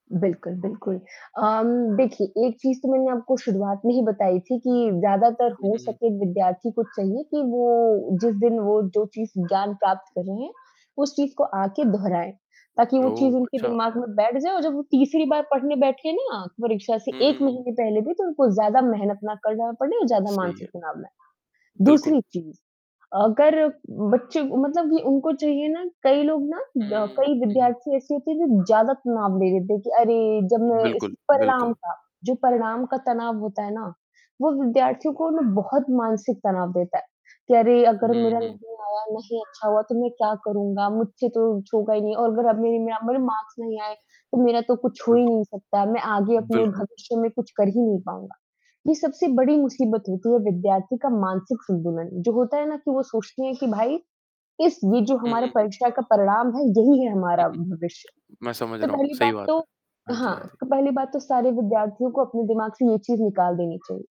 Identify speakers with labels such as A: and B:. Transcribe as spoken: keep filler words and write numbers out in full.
A: बिल्कुल, बिल्कुल। अम, देखिए एक चीज़ तो मैंने आपको शुरुआत में ही बताई थी कि, ज़्यादातर
B: हुँ,
A: हो
B: हुँ, हुँ।
A: सके विद्यार्थी को चाहिए कि वो जिस दिन वो, जो चीज़ ज्ञान प्राप्त कर रहे है, उस चीज़ को आके दोहराएँ। ताकि वो
B: ओह!
A: चीज़ उनके
B: अच्छा।
A: दिमाग में बैठ जाए और जब वो तीसरी बार पढ़ने बैठे ना परीक्षा से
B: हुँ, हुँ,
A: एक
B: हुँ।
A: महीने पहले भी, तो उनको ज़्यादा मेहनत ना करना पड़े, ज़्यादा
B: सही
A: मानसिक
B: है।
A: तनाव ना लें।
B: बिल्कुल।
A: दूसरी चीज़, अगर बच्चों मतलब ये उनको चाहिए ना, कई लोग ना
B: हुँ,
A: ब अ,
B: हुँ, हुँ,
A: कई
B: हुँ, हुँ।
A: विद्यार्थी ऐसे होते हैं, जो ज़्यादा तनाव ले लेते हैं कि अरे, जब मैं इस
B: बिल्कुल,
A: परिणाम
B: बिल्कुल।
A: का, जो परिणाम का तनाव होता है ना, वो विद्यार्थियों को मतलब बहुत मानसिक तनाव देता है। कि अरे, अगर
B: हुँ,
A: मेरा
B: हुँ।
A: नहीं आया, नहीं अच्छा हुआ तो मैं क्या करूँगा? मुझसे तो कुछ होगा ही नहीं और अगर अब मेरे म मेरे मार्क्स नहीं आए, तो मेरा तो कुछ हो ही
B: बिल्कुल।
A: नहीं सकता, मैं आगे अपने
B: बिल्कुल।
A: भविष्य में कुछ कर ही नहीं पाऊँगा। ये सबसे बड़ी मुसीबत होती है विद्यार्थी का मानसिक संतुलन, जो होता है ना कि वो सोचते है कि भाई, इस ये जो
B: हुँ,
A: हमारे
B: हुँ, हुँ।
A: परीक्षा का परिणाम है, यही है
B: हुँ,
A: हमारा
B: हुँ।
A: भविष्य।
B: मैं समझ
A: तो
B: रहा हूँ,
A: पहली
B: सही
A: बात
B: बात
A: तो
B: है। हाँ जी,
A: हाँ,
B: हाँ जी।
A: तो पहली बात तो सारे विद्यार्थियों को अपने दिमाग से ये चीज़ निकाल देनी चाहिए।